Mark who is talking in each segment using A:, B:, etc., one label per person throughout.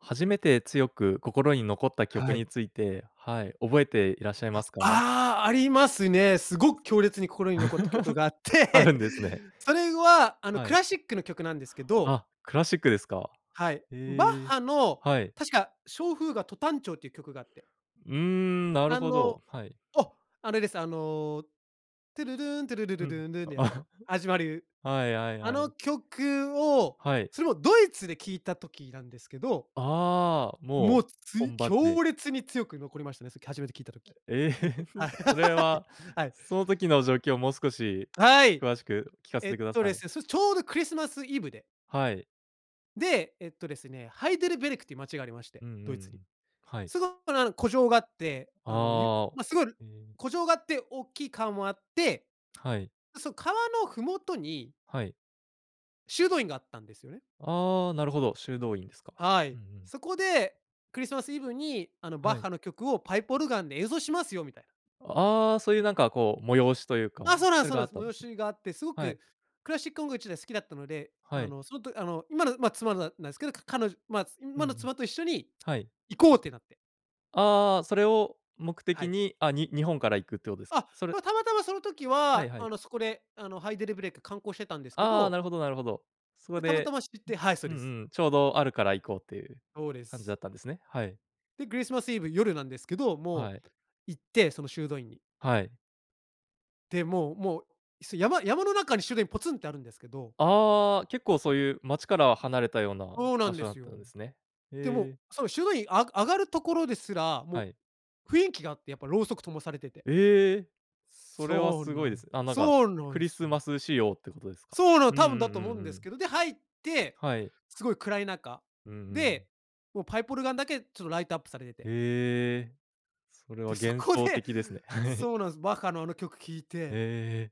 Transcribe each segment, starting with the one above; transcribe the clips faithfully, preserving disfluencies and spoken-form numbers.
A: 初めて強く心に残った曲
B: はい。
A: について、はい、覚えていらっしゃいますか？
B: ああ！ありますね、すごく強烈に心に残った曲 があっ
A: あ
B: て
A: るんですね。
B: それはあの、
A: は
B: ク
A: い。
B: ラシックの曲なんですけど
A: あ、クラシックですか、
B: はい、バッ
A: ええ、
B: ハの
A: はい。
B: 確か、小フーガト短調っていう曲があって
A: うーん、なる
B: あ
A: ほ
B: の
A: ど、はい。
B: お！あれです、あの、トゥルルーン、トゥルルル
A: うん。
B: ルーンルーンのやつの始ま る
A: はいはい
B: あ
A: は
B: の
A: い。
B: 曲を、
A: はい。
B: それもドイツで聞いた時なんですけど
A: ああ、
B: もう、
A: もう、
B: つ
A: 本場で。
B: 強烈に強く残りましたね、さっき初めて聞いた時。
A: ええ、
B: は、はい。
A: それは
B: はい。
A: その時の状況もう少し
B: はい！
A: 詳しく聞かせ
B: え
A: て
B: っ
A: くだ
B: と
A: さ
B: で
A: い。
B: すね、それ、ちょうどクリスマスイブで
A: はい。
B: で、えっとですね、ハイデルベルクっていう街がありまして、
A: うんうん
B: ド
A: う
B: イツに。
A: ん、はい。
B: すごかなの古城があって、あの、ゆ
A: ああ、
B: ま、すごる
A: え。
B: 古城があって大きい川もあって、
A: はい。
B: そ、川の麓に
A: はい。
B: 修道院があったんですよね。
A: ああ、なるほど、修道院ですか、
B: は
A: う
B: い、
A: んうん。
B: そこで、クリスマスイブにあの、バ
A: は
B: ッ
A: い。
B: ハの曲をパイプオルガンで演奏しますよ、みたい
A: ああ、そういうなんかこう催しというか、
B: あ、そうなん
A: そ
B: す
A: れ
B: そう
A: が
B: な
A: あ
B: ん
A: っ
B: す。
A: たんで
B: 催
A: すね。
B: しがあって、すご
A: は
B: く
A: い。
B: クラシック音楽自体好きだったので、
A: は
B: あ
A: い。
B: のそのとあの今の、ま、妻ななんですけど、か彼女、まあ、ん、
A: うん
B: 今
A: う
B: の
A: ん。
B: 妻と一緒に
A: はい。
B: 行こうってなって
A: ああ、それを目
B: は
A: 的
B: い。
A: に、あ、に日本から行くっていうことです
B: あ、
A: それ
B: ま、たまたまその時
A: はい
B: は
A: は
B: あ
A: い。
B: のそこであのハイデルブレイク観光してたんですけ
A: ああ、
B: ど
A: なるほどなるほど。そこ
B: で、たまた
A: で
B: ま知ってはい、そう
A: うん
B: です。
A: うん、ちょうどあるから行こうっていう
B: そうで
A: 感じ
B: す。
A: だったんですね。はい。
B: で、クリスマスイブ夜なんですけど、も
A: はい。
B: う行ってその修道院に
A: はい。
B: でも、もうもう、すや山山の中に修道院ポツンってあるんですけど
A: ああ、結構そういう街から離れたような
B: そうな
A: 場
B: んで
A: 所だっ
B: す
A: たん
B: よ。
A: ですね。
B: でもう、
A: へえ。
B: そう、修道院あ上がるところですら、
A: は
B: も
A: い。
B: う雰囲気があって。やっぱろうそく灯されてて
A: ええ、それは
B: そう
A: すご
B: な
A: いで
B: ん
A: すね。あ、なんか
B: そうな
A: ク
B: ん
A: リ
B: す
A: ス
B: よ。
A: マス仕様ってことですか。
B: そうなの、
A: うんうん
B: 多
A: う
B: 分だと思う
A: ん
B: ん
A: う
B: です
A: ん。
B: けど、で、入って、
A: はい。
B: すごい暗い中
A: うんうん。
B: で、もうパイプオルガンだけちょっとライトアップされてて。
A: ええ、それは
B: で、そ
A: 幻
B: こ
A: 想
B: で
A: 的ですね。
B: そうなんす、バッハのあの曲聴い
A: へ
B: て
A: え。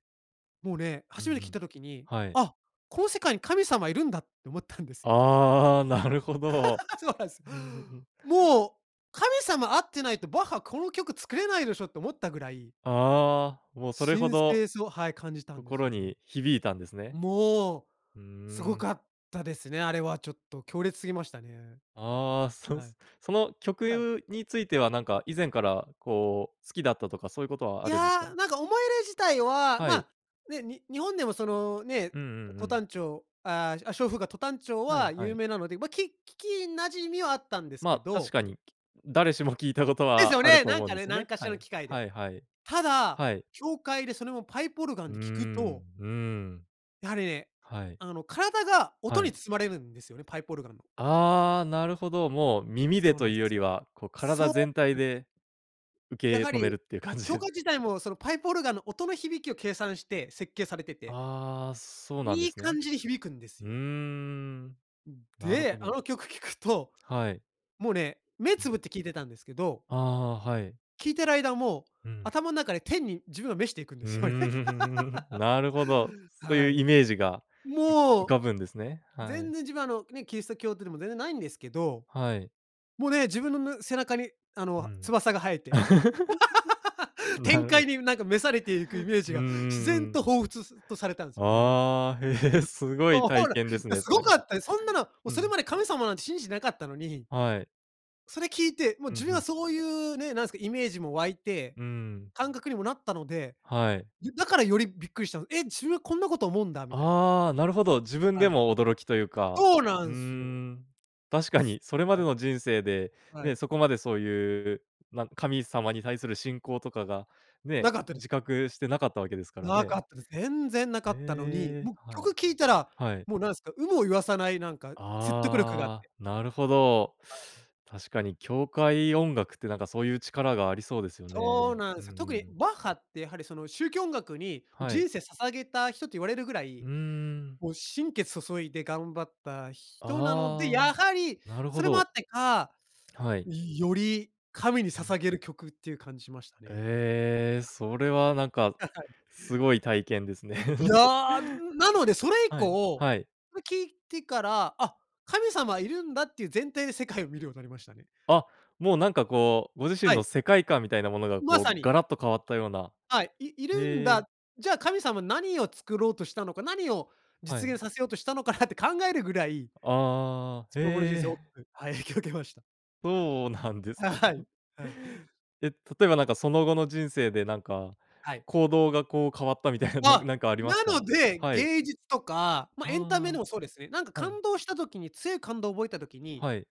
B: もうね、
A: うんう
B: 初めて聞い
A: ん。
B: た時に、
A: はい。
B: 「あ、この世界に神様いるんだ」って思ったんですよね。
A: ああ、なるほど。
B: そうなんす。
A: うんうんうん。
B: もう、「神様会ってないと、バッハ、この曲作れないでしょ？」って思ったぐらい
A: ああ、もう、それほ
B: 神
A: ど、
B: 聖さを、はい、感じたんです
A: 心
B: よね。
A: に響いたんですね。
B: もう、
A: うー
B: すご
A: ん。
B: かったですね、あれはちょっと強烈すぎましたね。
A: ああ、そん
B: はい。
A: すその曲
B: はい。
A: ゆについてはなんか、以前からこう、好きだったとかそういうことは
B: い
A: あるんですか？
B: や、なんか思い入れ自体は、
A: は
B: ま、
A: い。
B: ね、に日本でもそのね、
A: うんうんう
B: ト
A: ん。
B: 短調、あああ、小フーガ、ト短調
A: はい、
B: は
A: は
B: 有
A: い。
B: 名なので、ま、き聞き馴染みはあったんです
A: ま
B: け
A: あ、確
B: ど
A: かに、誰しも聞いたこと
B: ですよ
A: はある
B: ね？
A: と
B: なん
A: 思うん
B: か
A: で
B: ね、
A: す
B: なん
A: ね。
B: かしら
A: は
B: の
A: い。
B: 機会で。
A: はいはい。
B: ただ、
A: はい。
B: 教会でそれをパイプオルガ
A: う
B: ン
A: ー
B: で聞く
A: ん、
B: と
A: うーん。
B: やはりね、
A: はい。
B: あの、体が
A: は
B: 音に
A: い。
B: 包まれるんですよね、パイプオルガンの。
A: ああ、なるほど、もう耳で
B: そうな
A: と
B: ん
A: いうよ
B: す。
A: りは、こう体
B: そうな
A: 全体
B: んすよ。
A: で
B: や
A: 受
B: は
A: け止め
B: り、
A: るっていう感
B: 教
A: じ
B: 会自体も、そのパイプオルガンの音の響きを計算して設計されてて、
A: ああ、そうなんで
B: いい
A: すね。
B: 感じに響くんです
A: うー
B: よ。
A: ん、
B: うん。
A: なるほ
B: で、あ
A: ど。
B: の曲聴くと、
A: はい。
B: もうね、目つぶって聞いてたんですけど
A: ああ、はい。
B: 聞いてる間もう、
A: うん。
B: 頭ん中で天に自分を召していくんで
A: う、う
B: すよね。
A: ーん、ふ、ふふふ。なるほど。そう
B: は
A: いう
B: い。
A: イメージが、う
B: も
A: 浮
B: う。
A: かぶんですね。は
B: 全
A: い。
B: 然自分、あの、ね、キリスト教徒でも全然ないんですけど、
A: はい。
B: もうね、自分の、ぬ背中に、あ
A: う
B: の、
A: ん。
B: 翼が生えて
A: な
B: 天
A: る
B: 界
A: ほ
B: に、なんか、召されていくイメージ
A: うん、う
B: が自
A: ん、
B: 然
A: うん。
B: と彷彿すと、されたんすよね。
A: ああ、へ
B: はい。
A: え、すごい
B: ほ
A: 体
B: ほら、
A: 験です
B: や、
A: ね、
B: す
A: そ
B: ご
A: れ。
B: かったでそんなの、もう、
A: う
B: それ
A: ん。
B: まで神様なんて信じ、なかったのに、
A: はい。
B: それ聴いて、もう
A: う
B: 自
A: ん、
B: 分
A: ふ
B: は
A: ん。
B: そういうね、なんすか、イメージも湧いて、
A: うーん。
B: 感覚にもなったので、
A: はい。
B: よだからよりびっくりしたの、「え、自分、こんなこと思うんだ！」みたい
A: ああ、なるほど。自分
B: は
A: で
B: い。
A: も驚きというか、
B: そうな
A: うー
B: んすよ。
A: ん。確かにそれま
B: は
A: で
B: い。
A: の人生で、
B: は
A: ね、
B: い。
A: そこまでそういう、なん、神様に対する信仰とかがね、
B: なかったで
A: 自覚してなかったわけですから
B: な
A: ね。
B: かったです。全然なかったのに、
A: ええ。
B: もう
A: はい。
B: 曲聴いたら、
A: はい。
B: もう、なんすか、有無を言わさないなんか説得力があっ
A: あ
B: て
A: あ、なるほど。
B: はい。
A: 確かに教会音楽って、なんかそういう力がありそうですよ
B: そう
A: ね、
B: な
A: う
B: ん
A: ん
B: すよ。
A: う
B: 特に、
A: ん。
B: バッハって、やはり、その宗教音楽に
A: はい。
B: 人生捧げた人と言われるぐら
A: う
B: い、
A: ーん。
B: もう心血注いで頑張った人なので、
A: あ
B: や
A: あ、
B: はり
A: なるほ
B: それもあっ
A: ど。
B: てか、
A: はい。
B: よより神に
A: うん。
B: 捧げる曲っていう感じしましたね。
A: ええ、それはなんか、
B: あ、はい。
A: すごい体験ですね。
B: い やあ、なのでそれ以
A: はい、
B: 降、
A: はい。
B: それ聴いてから、「あ、神様いるんだ」っていう前提で世界を見るようになりましたね。
A: あ、もうなんかこう、ご自身
B: は
A: の
B: い。
A: 世界観みたいなものが
B: ま
A: こ
B: さ
A: う
B: に。
A: ガラッと変わったような
B: はい。「いいるん
A: ええ。
B: だ、じゃあ神様、何を作ろうとしたのか？何を
A: は
B: 実
A: い。
B: 現させようとしたのかな？」って考えるぐらい
A: ああ、
B: その後の人
A: へ
B: 生大き
A: え。
B: くはい、影響受けました。
A: そうなんです
B: ははい。はい。
A: え、例えば、なんか、その後の人生で、なんか、
B: はい。
A: 行動がこう変わったみたいな、なん
B: あ、
A: なんかあります
B: な
A: か？
B: ので、
A: はい。
B: 芸術とか、まあ、エンタメで
A: あ
B: もそうですね、なんか
A: あ。はい。
B: 感動した時に、強い感動覚えた時に、
A: はい。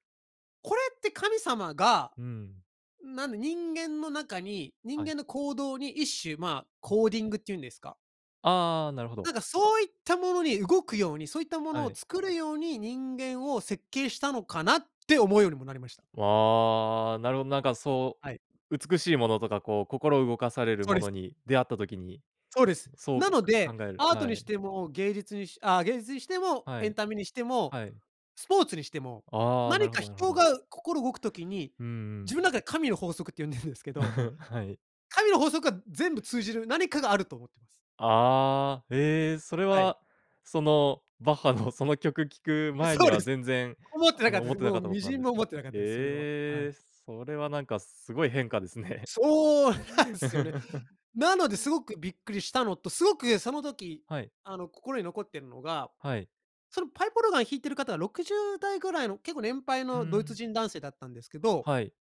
B: これって神様が、
A: うん。
B: なんで、人間の中に、人
A: はい。
B: 間の行動に一種、まあ、コーディングっていうんですか？
A: ああ、なるほど。
B: なんかそういったものに動くように、そういったもの
A: は
B: を
A: い。
B: 作るように、人間を設計したのかな？って思うようにもなりました。
A: わあ、なるほど、なんかそ
B: はい。
A: う、美しいものとか、こう心を動かされる
B: そう
A: も
B: です。
A: のに出会った時に、
B: そうです。
A: そう、
B: なの
A: か
B: で、
A: 考える
B: アート
A: は
B: にし
A: い。
B: ても芸術にしああ、芸術にしても、
A: は
B: エン
A: い、
B: タメにしても、
A: はい。
B: スポーツにしても、
A: ああ、な
B: 何
A: るほ
B: か
A: どなるほ
B: 人
A: ど。
B: が、う心動く時に、
A: うんう
B: 自
A: ん。
B: 分中で神の法則って、呼んでるんですけど、
A: はい。
B: 神の法則は全部通じる何かがあると思ってます。
A: ああ、え、それ
B: はい。
A: はそのバッハのその曲聴く前
B: そ
A: に
B: うで
A: は
B: す。
A: 全然、
B: 思ってな
A: あ
B: かっ
A: の、
B: たで
A: 思っ
B: す。
A: てな
B: も
A: か
B: う
A: ったこ
B: 微
A: とな
B: 塵
A: んです、
B: も
A: そ、
B: 思
A: ね。
B: ってなかっ
A: で、
B: たです、それは、は
A: え
B: い。
A: え、それはなんか、すごい変化ですね。
B: そう、なんすよね。なのですごくびっくりしたのと、すごくその時、
A: はい。
B: あの、心に残ってるのが、
A: はい。
B: そのパイプオルガン弾いてる方はろくじゅうだいぐらいの、結構年配
A: う
B: のドイツ
A: ん。
B: 人男性だったんですけど
A: はい。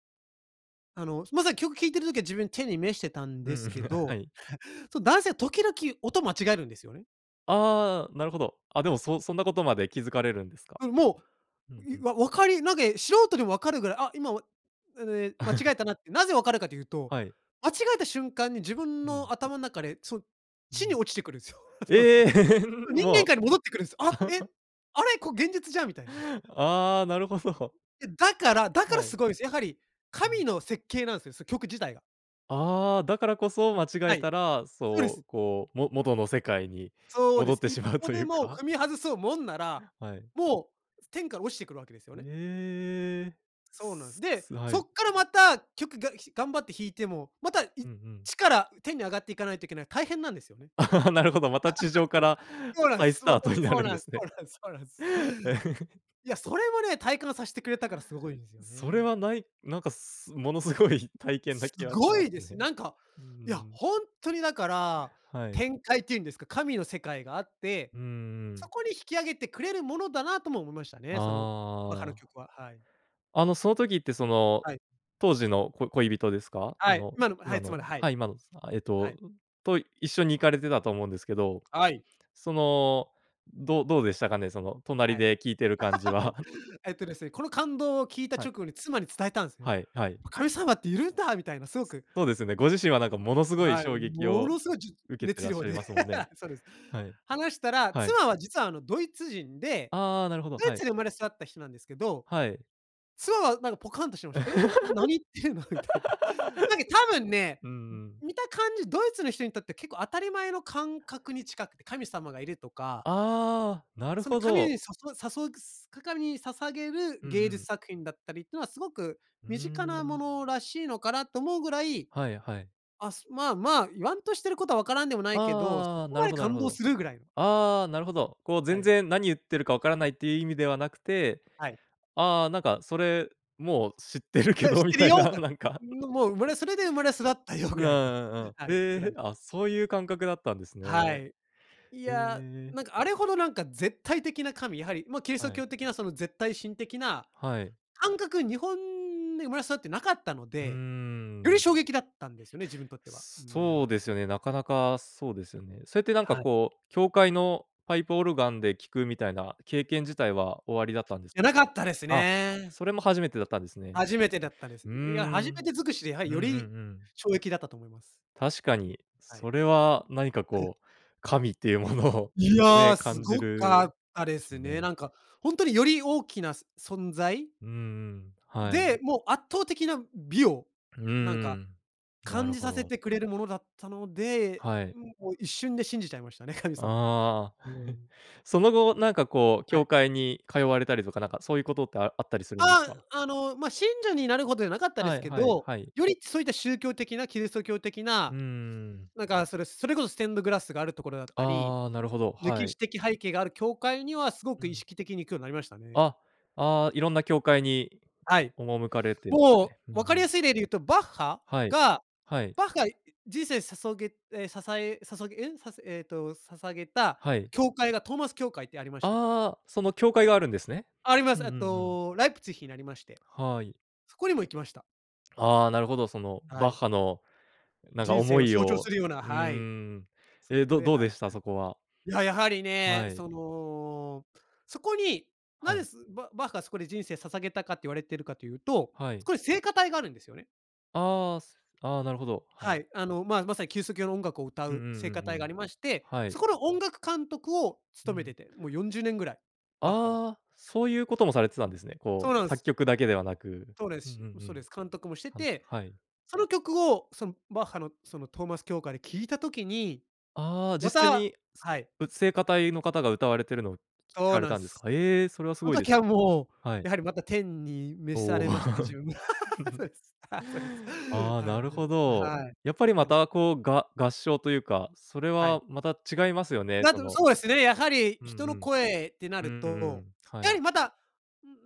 B: あの、まずは曲聴いてる時は自分てにめしてたん
A: う
B: です
A: ん、
B: け
A: は
B: ど。
A: い。
B: そ、男性は時々音間違えるんですよね。
A: ああ、なるほど。あ、でも、そそんなことまで気づかれるんですか。
B: うん、も
A: うん
B: う、
A: う
B: ゆ
A: ん。
B: わ分かりなんか、え、素人でもわかるぐらい、あ、今おええ、間違 えたなって、なぜ分かるかというと、
A: はい。
B: 間違えた瞬間に自分
A: う
B: の
A: ん。
B: 頭ん中で、そ
A: う
B: 地に
A: ん。
B: 落ちてくるんすよ。その、
A: ええ。
B: 人間
A: ま
B: 界に戻ってくるんすよ。あ、え？
A: あ。
B: あれ、こ現実じゃんみたいな。
A: ああ、なるほど。
B: いやだから、だから
A: はい。
B: すごいんですよ。やはり
A: う
B: 神
A: ん。
B: の設計なんですよ、そう曲自体が。
A: ああ、だからこそ間違
B: は
A: え
B: い、
A: たら、
B: そうで
A: そ
B: す。
A: う、こう、も元の世界に
B: そうで
A: 戻っ
B: す。
A: て
B: 一
A: しまう
B: 歩
A: とい
B: で
A: う
B: も
A: か。
B: 踏み外そうもんなら、
A: はい。
B: もう、天から落ちてくるわけですよね。
A: ええ。
B: そうなんです。
A: す
B: で、
A: すは
B: そっ
A: い。
B: からまた曲が頑張って弾いても、またいっ
A: うんうん。
B: ちから天に上がっていかないといけない、大変なんですよね。
A: なるほど、また地上か ら
B: そうで
A: 再ス
B: すよ
A: ター
B: ね。
A: トにな
B: そう
A: るん
B: な
A: で
B: んす
A: す
B: [unintelligible] そ
A: ね。
B: うなんすそうなんすそうなんす。いや、それもね、体感さしてくれたからすごいんですよ
A: それ
B: ね。
A: はないなんか、すものすごい体験な
B: す
A: 気はし
B: ご
A: ます
B: いです。
A: ね。
B: なんか、
A: う
B: いや、
A: ん。
B: ほんとにだから、
A: はい。
B: 天界っていうんですか、神の世界があって、
A: うんう
B: そ
A: ん。
B: こに引き上げてくれるものだなとも思いました
A: あ
B: ね、その、わか
A: あ
B: る
A: ああ。
B: 曲は。はい。
A: あのその時ってその、
B: はい。
A: 当時の、こ恋人ですか？そ
B: はい、
A: の
B: 今のはい、
A: 今の、
B: 妻で、はい。
A: はい、今の、つたえっ
B: はい。
A: と、と一緒に行かれてたと思うんですけど。
B: はい。
A: その、どどうでしたかね、その
B: はい。
A: 隣
B: はい。
A: で聞いてる感じは。
B: えっとですね、この感動を聞いた
A: は
B: 直
A: い。
B: 後に妻に伝えたんすね。
A: はい、はい。
B: 「神様っているんだ！」みたいなすごく
A: そうですよね、ご自身はなんかものすごい
B: はい、
A: 衝撃
B: も
A: を
B: のすごいじゅ
A: 受けて
B: 熱
A: らっ
B: 量
A: しゃ
B: で、
A: いますもんね。
B: そうです。
A: はい。
B: 話したら、
A: はい。
B: 妻は実はあのドイツ人で、
A: ああ、なるほど、
B: ドイ
A: はい。
B: ツで生まれ育った人なんですけど、
A: はい。
B: 妻はなんかポカンとして
A: そ
B: ました。「え、何言ってるの？」みたいな。なんか多分ね、
A: うんう
B: ん、
A: ん。
B: 見た感じ、ドイツの人にとって結構当たり前の感覚に近くて、神様がいるとか。
A: ああ、なる
B: その
A: ほ
B: 神に、
A: ど。
B: さそさそすかかに捧げる
A: うんう
B: 芸術
A: ん。
B: 作品だったりっていうのは、すごく
A: うー
B: 身近なも
A: ん。
B: のらしいのかなと思うぐらい、
A: はいはい。
B: あすまあまあ言わんとしてることはわからんでもないけど、そ
A: ああ、
B: こ
A: な
B: ま
A: る
B: で
A: ほどなる
B: 感
A: ほ
B: 動
A: ど。
B: する？ぐらい。
A: ああ、なるほど、こう
B: は
A: 全
B: い。
A: 然何言ってるかわからないっていう意味ではなくて、
B: はい。
A: ああ、なんかそれもう知ってるけ
B: 知っ
A: どみ
B: てる
A: たい
B: よ
A: な、
B: と。
A: なんか。
B: ん、もう生まれそれで生まれ育ったよ
A: うん
B: ぐ
A: う
B: らいの、
A: んうんう
B: は
A: ん。
B: い、
A: へ
B: ぐら
A: え、
B: い。
A: あ、そういう感覚だったんですね。
B: はい。い
A: へ
B: や、
A: え。
B: なんかあれほどなんか絶対的な神、やはり、ま、キリスト
A: はい。
B: 教的なその絶対神的な
A: はい。
B: 感覚、日本で生まれ育ってなかったの
A: うー
B: で、より
A: ん。
B: 衝撃だったんですよね、自分にとっては。う
A: そう
B: ん。
A: ですよね、なかなか、そうですよね。それってなんか
B: はい。
A: こう、教会のパイプオルガンで聞くみたいな経験
B: い
A: 自体はおありだったんです
B: や、
A: か？
B: なかったです
A: あ、
B: ね。
A: それも初めてだったんですね。
B: 初めてだったです。
A: うー
B: いや、初め
A: ん。
B: て尽くしでやは
A: うん-
B: り
A: うんう
B: より
A: ん。
B: 衝撃だったと思います。
A: 確かに、
B: はい。
A: それは何か
B: ふ。
A: こう神っていうものを
B: い
A: ね、
B: や、す
A: 感じ
B: ごか
A: る
B: ったで
A: でし
B: す
A: ょう
B: ね。
A: ね。
B: なんか、ほんとにより大きなす存在？
A: うんうん、はい。
B: で、もう圧倒的な美を、
A: うー
B: なんか
A: ん、な
B: 感
A: る
B: じ
A: ほ
B: させ
A: ど。
B: てくれるものだったので、
A: はい。
B: うん、もう一瞬で信じちゃいましたね、神様を。
A: ああ。
B: う ん。
A: その後、なんかこう
B: はい。
A: 教会に通われたりとか、なんかそういうことって、ああったりするんです
B: あ
A: か？
B: あ、あの、ま、信者になるほどじゃなかったで
A: は
B: す
A: い
B: け
A: はい
B: ど、
A: はい。
B: よりそういった宗教的なキリスト教的
A: うー
B: な、
A: ん。
B: なんかそれそれこそステンドグラスがあるところだったり、
A: ああ、なるほど、は
B: 歴
A: い。
B: 史的背景がある教会にはすご
A: う
B: く意
A: ん。
B: 識的に行くようになりましたね。
A: あ、ああ、いろんな教会に
B: はい、
A: 赴かれてるん
B: も
A: ね。うん
B: う、
A: う
B: 分かり
A: ん。
B: やすい例で言うとバッハ
A: はい、
B: が、
A: はい。
B: バッハい人生さそげえ、ささえさそげえ、させええと、捧げた
A: はい。
B: 教会がトーマス教会ってありまして。
A: ああ、その教会があるんですね。
B: ありま
A: う
B: す。
A: んう
B: え
A: ん
B: っ
A: うん。
B: と、ライプツィヒにありまして。
A: はい。
B: そこにも行きました。
A: ああ、なるほど。その
B: は
A: バッ
B: い。
A: ハのなんか
B: 人生
A: 思
B: を
A: い
B: 象徴す
A: を
B: るような、
A: う
B: はい。
A: ん。
B: そ
A: え、
B: こ
A: ど
B: ではい
A: どう
B: は
A: で
B: い。
A: した？そこは。
B: いや、やはりね、
A: はい。
B: その、そこにな
A: は
B: ぜ、
A: い。
B: すババッハがそこで人生捧げたかって言われてるかというと、
A: は
B: そ
A: い。
B: こで聖歌隊があるんですよね。
A: ああ、すあ、なるほど、は
B: は
A: い。
B: い、あの、ま、まさにキリスト教の音楽を歌
A: うんう
B: う聖
A: んうん
B: 歌隊が
A: う
B: あ
A: ん。
B: りまして、
A: はい。
B: そこの音楽監督を
A: う
B: 務めて
A: ん。
B: て、もうよんじゅうねんぐらい、バッハが。
A: あ、そういうこともされてたんですね。
B: そ
A: こ
B: う
A: う
B: なんす。
A: 作曲だけではなく、
B: そうです
A: うんうん
B: し
A: う
B: うそう
A: ん。
B: です。監督もして
A: はん
B: て、
A: はい。
B: その曲をそんバッハのそのトーマス協会で聴いた時に、
A: ああ、
B: ま
A: 実際
B: た
A: に、つ
B: はい。
A: う聖歌隊の方が歌われているのを聴
B: そう
A: かれ
B: なん
A: たんですか？
B: す、
A: え、それはす
B: その
A: ごいで
B: 時
A: す。
B: はもう
A: はい。
B: やはりまた天に召さ
A: おお。
B: れましたね、自分。そ うです、そうです。
A: あ、
B: はい、
A: なるほ
B: あ、
A: ど。
B: はい。
A: やっぱりま
B: や
A: たこうが合唱というか、それ
B: はい。
A: はまた違いますよね。
B: な
A: そ
B: と、
A: の
B: そうですね、やはり
A: う
B: 人
A: んう
B: の
A: ん。
B: 声ってな
A: う
B: る
A: んう
B: と、
A: ん、は
B: やは
A: い。
B: りまた、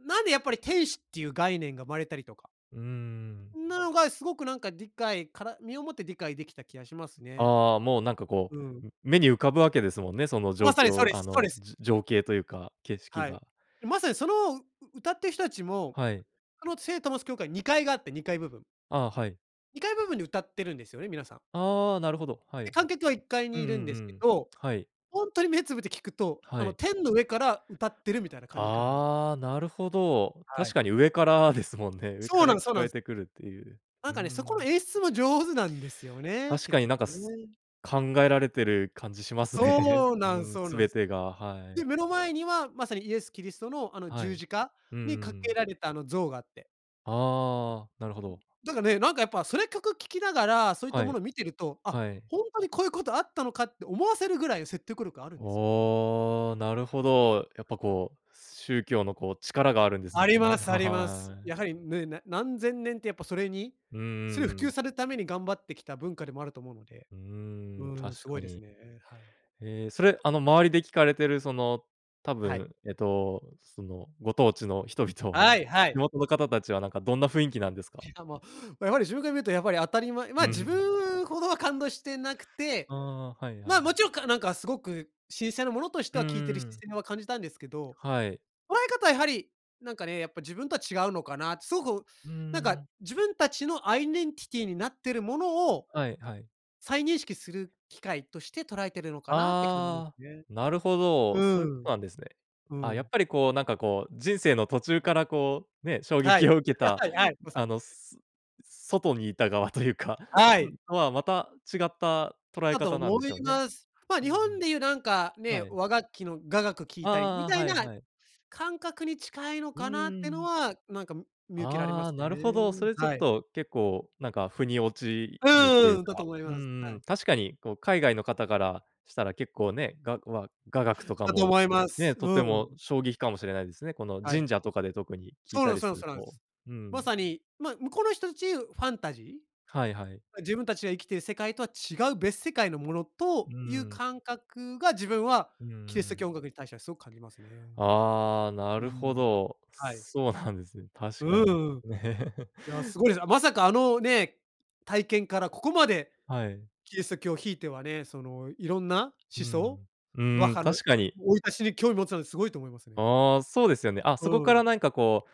B: なんでやっぱり天使っていう概念が生まれたりとか
A: うんうんうん。
B: なのがすごくなんか理解から身をもって理解できた気がしますね。
A: ああ、もうなんかこ
B: うん。
A: う、目に浮かぶわけですもんね、その状
B: まさにそう
A: 況、
B: で
A: あ
B: すそうで
A: の、
B: す。
A: じ情景というか、景色
B: はい、
A: が。
B: まさにその、うう歌ってる人たちも、
A: はい。
B: あの聖トマス教会にかいがあって、にかい部分
A: ああ、はい。
B: にかい部分に歌ってるんですよね、皆さん。
A: ああ、なるほど。はい。
B: で、
A: うん
B: 観客はいっかい
A: う
B: に
A: ん
B: いるん
A: う
B: ですけ
A: ん、
B: ど、
A: はい。
B: ほんとに目つぶって聞くと、
A: は
B: あの、
A: い。
B: 天の上から歌ってるみたいな感じかなんですよ。
A: ああ、なるほど。
B: はい。
A: 確かに上からですもんね。上
B: そ
A: か
B: うな
A: ら
B: んすそ
A: 聞
B: うな
A: こ
B: ん
A: え
B: す。
A: てくるっていう。
B: なん
A: うー
B: かね、そこの
A: ん。
B: 演出も上手なんですよね、
A: 確
B: 結
A: かに
B: 局
A: なんかす
B: ね。
A: 考えられてる感じしますね。
B: そうな
A: う
B: ん
A: ん、
B: そう
A: す
B: なん
A: べ
B: す。
A: てが、は
B: で、
A: い。
B: 目の前にはまさにイエスキリストの、あの
A: は
B: 十
A: い。
B: 字架
A: うんうん
B: に架
A: う
B: け
A: ん。
B: られたあの像があって。
A: ああ、なるほど。
B: なんかね、なんかやっぱ、それ曲聴きながら、そういった
A: は
B: も
A: い。
B: のを見てると、「あ、
A: はい。
B: ほんとにこういうことあったのか」って思わせるぐらいの説得力あるんですよね。
A: おお、なるほど。やっぱこう、宗教のこう、力があるんです
B: ありま
A: ね。
B: すあ
A: は
B: ります。
A: はい。
B: やはりね、な何千年ってやっぱ、それに
A: うんう
B: す
A: ん
B: う普
A: う
B: 及
A: ん。
B: されるために頑張ってきた文化でもあると思うので。
A: うーん、
B: うーん、
A: 確
B: すご
A: か
B: いです
A: に。
B: ね、はい。
A: へえ、それ、あの周りで聞かれてる、その、多
B: はい。
A: 分、えっと、その、ご当地の人々
B: は
A: は、
B: いは
A: [unintelligible]
B: い。
A: の方たちはなんかどんな雰囲気なんですか？
B: しかも、やはり自分から見ると、やっぱり当たり前まあ、
A: う、ふ
B: 自
A: ん。
B: 分ほどは感動してなくて、
A: ああ、はいは
B: まあ、も
A: い。
B: ちろん、かなんかすごく神聖なものとして
A: うんう
B: は聴いてる
A: ん
B: 視
A: うん。
B: 線は感じたんですけど。
A: はい。
B: 捉え方はやはり、なんかね、やっぱ自分とは違うのかなって、すごく、
A: うー
B: なんか
A: ん。
B: 自分たちのアイデンティティになってるものを、
A: はいはい。
B: 再認識する機会として捉えているのかなって感じます
A: ああ。
B: ね。
A: なるほど、そ
B: う
A: ういうこ
B: ん。
A: となんですね。
B: う
A: あ、やっ
B: ん。
A: ぱりこう、なんかこう、人生の途中からこうね、衝
B: は
A: 撃
B: い。
A: を受け た
B: はい、まさ
A: あ
B: に。
A: の外にいた側というか、
B: はい。
A: とはまた違った捉え
B: だと
A: 方なん
B: 思
A: でし
B: い
A: ょうね。
B: ます。まあ、
A: うん
B: 日
A: う
B: 本で言うなんか
A: ん。は
B: ね、
A: い。
B: 和楽器の雅楽聴いたり、み
A: ああ-あ
B: た
A: あ、
B: い
A: はい
B: な
A: はい。
B: 感覚に近いの
A: うー
B: かなっての
A: ん。
B: は、なんか見受けられま
A: ああ、
B: す
A: なるほど、
B: ね。
A: それちょっ
B: はい。
A: と結構なんか腑に落ち
B: うん-
A: るとい
B: う
A: う
B: んうん、だと
A: か、
B: 思い
A: う
B: ます。
A: んう
B: は
A: ん。
B: い。
A: 確かにこう、海外の方からしたら結構ね、がわ雅楽とか
B: だと
A: も
B: 思います。
A: ね、とて
B: うん。
A: も衝撃かもしれないですね、この
B: はい。
A: 神社とかで特に聞い
B: そうな
A: た
B: ん
A: り
B: そ
A: す
B: う、そ
A: る
B: うなんで
A: と。
B: す。
A: う
B: ま
A: ん。
B: さに、ま、向こうの人たちファンタジ
A: はいはい。
B: ー？自分たちが生きている世界とは違う別世界のもの
A: う
B: と、
A: ー
B: いう
A: ん。
B: 感覚が自分は
A: うんうんう
B: キリスト
A: ん。
B: 教音楽に対してはすごく感じますね。
A: ああ、な
B: うん、
A: るほど。
B: はい。
A: そうなんですね。
B: う
A: 確か
B: う
A: に。
B: ーん。い や、すごいです。まさかあの、ね、体験からここまで
A: はい。
B: キリスト教を。ひいてはね、そのいろんな
A: うー
B: 思想、
A: ん。う
B: バッ
A: ん、
B: ハの
A: 確かに。
B: 生い立ちに興味を持つのはすごいと思いますね。
A: ああ、そうですよね。あ、
B: う
A: そこか
B: ん。
A: らなんかこ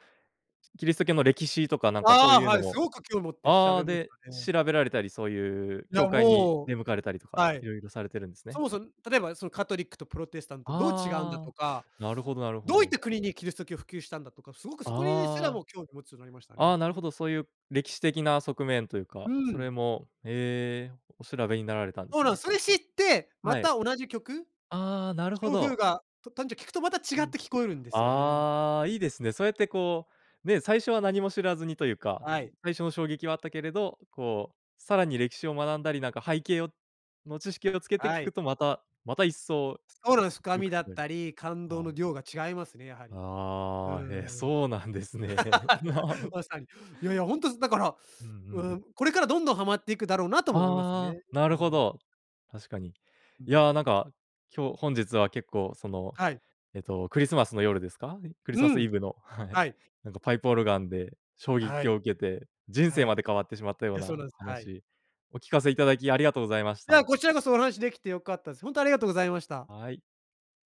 A: う、キリスト教の歴史とかなんかそう
B: ああ、
A: いう
B: は
A: の
B: い、す
A: も
B: ごく興持って調
A: ああ、
B: べまし
A: で、
B: たね。
A: 調べられたりそういう
B: い
A: 教
B: や、
A: 会に
B: もう、
A: 出向かれたりとか、
B: はい。
A: 色々されてるんです
B: そ
A: ね。
B: もそも、例えばそのカトリックとプロテスタントとどう違うんだ
A: あ
B: と
A: あ、
B: か、
A: なるほどなるほ
B: どういっ
A: ど。
B: た国にキリスト教を普及したんだとか、すごくそこにすら
A: ああ。
B: も興味持つようになりました
A: あ
B: ね。
A: あ、なるほど、そういう歴史的な側面という
B: うー
A: か、そ
B: ん。
A: れも、へえ、お調べになられたんで
B: そう
A: す
B: なん
A: ね。
B: す、それ知って、ま
A: はい。
B: た同じ曲
A: ああ、なる
B: き
A: ほ
B: ょうふう
A: ど。
B: がとたんじょ聴くとまた
A: う
B: 違っ
A: ん。
B: て聴こえるんですよね。
A: ああ、いいですね。そうやってこうね、最初は何も知らずにというか
B: はい。
A: 最初の衝撃はあったけれど、こう、さらに歴史を学んだりなんか背景をの知識をつけて
B: は
A: 聞
B: い。
A: くとまたまた一層
B: そうなんす、深
A: よ
B: み
A: く聴
B: だっ
A: こえる。
B: たり、感動
A: は
B: の
A: い。
B: 量が違いますね、やはり。うー
A: ああ、へ、
B: ん。
A: そうなんですね。な。
B: まさに。いやいや、ほんとすだから、
A: うんう
B: う
A: ん。
B: ん、これからどんどんはまっていくだろうなとも思います
A: ああ。
B: ね。
A: な
B: う
A: るほ
B: ん。
A: ど。確かに。
B: う
A: い
B: ん。
A: や、なんか今日本日は結構その、
B: はい。
A: えっと、クリスマスの夜ですか？クリス
B: う
A: マスイ
B: ん。
A: ブの、はい、
B: はい。
A: なんかパイプオルガンで衝
B: は
A: 撃を
B: い。
A: 受けて、人生
B: はい。い
A: まで変わってしまったよう
B: や、そうな
A: な
B: んです、はい。
A: 話、お聞かせいただきありがとうございまし
B: いや、
A: た。
B: こちらこそお話できて良かったです。ほんとありがとうございました。
A: はい。